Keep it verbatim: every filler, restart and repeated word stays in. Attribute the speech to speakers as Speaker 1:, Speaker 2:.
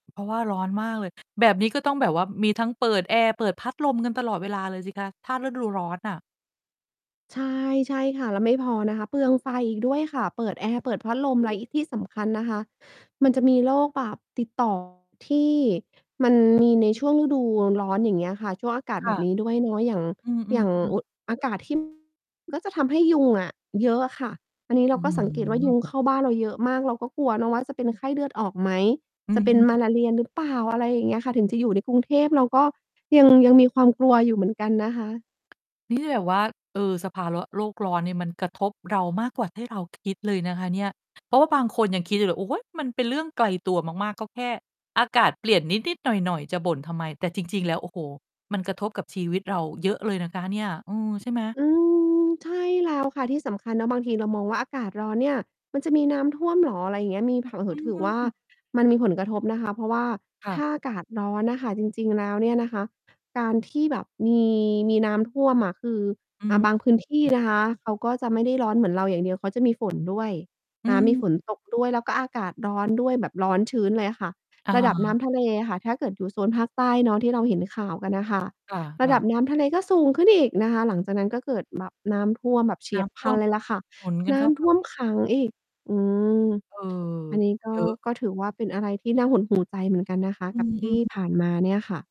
Speaker 1: เพราะว่าร้อนมากเลย แบบนี้ก็ต้องแบบว่ามีทั้งเปิดแอร์ เปิดพัดลมกันตลอดเวลาเลยสิคะ ถ้าฤดูร้อนน่ะ
Speaker 2: ใช่ ใช่ค่ะ แล้วไม่พอนะคะ เปลืองไฟอีกด้วยค่ะ เปิดแอร์ เปิดพัดลม
Speaker 1: อ
Speaker 2: แ
Speaker 1: ื
Speaker 2: ล
Speaker 1: ๊
Speaker 2: ้ว
Speaker 1: ด
Speaker 2: อีกที่สำคัญนะคะมันจะมีโรคแบบติด ต่อ ที่มัน มีในช่วงฤดูร้อน อย่างเงี้ยค่ะ ช่วงอากาศ
Speaker 1: ค
Speaker 2: แ
Speaker 1: ่
Speaker 2: บ
Speaker 1: ะ
Speaker 2: บนี้ด้วยเนาะ อย่าง
Speaker 1: อืม ๆ
Speaker 2: อย่าง
Speaker 1: อืม
Speaker 2: อุ อากาศ ที่ ก็จะทำให้ยุงอะเยอะอะค่ะ อันนี้เ
Speaker 1: อ
Speaker 2: ร
Speaker 1: ื
Speaker 2: า
Speaker 1: ้อ
Speaker 2: ก็สั
Speaker 1: ฮ
Speaker 2: งเกตว่า ย
Speaker 1: ือ
Speaker 2: ุงเข้าบ้านเราเยอะมาก เราก็กลัวเนาะว่าจะเป็นไข้เลือดออกไหม
Speaker 1: อื
Speaker 2: จะ
Speaker 1: อ
Speaker 2: เป็
Speaker 1: ฮ
Speaker 2: น
Speaker 1: ึ
Speaker 2: มาลาเรียหรือเปล่า อะไรอย่างเงี้ยค่ะ ถึงจะอยู่ในกรุงเทพ เราก็ ยัง ยังมีความกลัวอยู่เหมือนกันนะคะ
Speaker 1: นี่ แบบว่า เออ สภาเลาะ โลกร้อนเนี่ยมันกระทบเรามากกว่าที่เราคิดเลยนะคะเนี่ย เพราะว่าบางคนยังคิดอยู่เลยว่า "โอ๊ย! มันเป็นเรื่องไกลตัวมาก ๆ ก็แค่อากาศเปลี่ยนนิด ๆ หน่อย ๆ จะบ่นทำไม" แต่จริง ๆ แล้ว โอ้โฮ! มันกระทบกับชีวิตเราเยอะเลยนะคะเนี่ย อือ ใช่ไหม?
Speaker 2: อืม ใช่ แล้ว ค่ะที่สำคัญเนาะ บางทีเรามองว่า อากาศร้อนเนี่ย มันจะมีน้ำท่วมเหรอ อะไรเงี้ย มีแผนผ
Speaker 1: อ
Speaker 2: ั
Speaker 1: ื
Speaker 2: งถือว่า
Speaker 1: อ
Speaker 2: มันมีผลกระทบนะคะ เพราะว่า
Speaker 1: ค่
Speaker 2: ถ
Speaker 1: ะ
Speaker 2: ้าอากาศร้อนน่ะค่ะ จริง ๆ แล้วเนี่ยนะคะ การที่แบบมี มีน้ำท่วมอะ คือ
Speaker 1: อื
Speaker 2: อ่
Speaker 1: ม
Speaker 2: า บางพื้นที
Speaker 1: อ
Speaker 2: ่
Speaker 1: ือ
Speaker 2: นะคะ เขาก็จะไม่ได้ร้อนเหมือนเราอย่างเดียว เขาจะมี ฝนด้วย
Speaker 1: อื
Speaker 2: น้ำ มี ฝ
Speaker 1: อ
Speaker 2: นตก ด้วย แล้วก็อากาศร้อน ด้วย แบบร้อนชื้นเลยอะค่ะ
Speaker 1: อะ
Speaker 2: ร
Speaker 1: ฮ
Speaker 2: ะดับน
Speaker 1: ะ
Speaker 2: ้ำทะเลอะค่ะ ถ้าเกิดอยู่โซนภาคใต้เนาะที่เราเห็นข่าวกันน่ะ ค่ะ
Speaker 1: ค
Speaker 2: ระ
Speaker 1: ่ะ
Speaker 2: ดั
Speaker 1: ๆ
Speaker 2: บน้ำทะเลก็สูงขึ้นอีกนะคะ หลังจากนั้นก็เกิด ล น้ำท่วมแบบเฉ
Speaker 1: น
Speaker 2: ี
Speaker 1: ้
Speaker 2: ยบ
Speaker 1: ำ
Speaker 2: พ
Speaker 1: ท
Speaker 2: ล
Speaker 1: ่
Speaker 2: ั
Speaker 1: ว
Speaker 2: น
Speaker 1: ม
Speaker 2: เลยล่ะค่ะ
Speaker 1: หนุนกั
Speaker 2: น
Speaker 1: น
Speaker 2: ้
Speaker 1: เข้า ไ
Speaker 2: ำ
Speaker 1: ป
Speaker 2: ท่วมขังอีก อืม
Speaker 1: เออ
Speaker 2: อันนี้ก็
Speaker 1: เยอะ
Speaker 2: ก็ถือว่าเป็นอะไรที่น่าหดหู่ ใจเหมือนกันนะคะ
Speaker 1: อื
Speaker 2: กับ
Speaker 1: อ
Speaker 2: ท
Speaker 1: อื
Speaker 2: ี่
Speaker 1: อ
Speaker 2: ผ่านมาเนี่ยค่ะ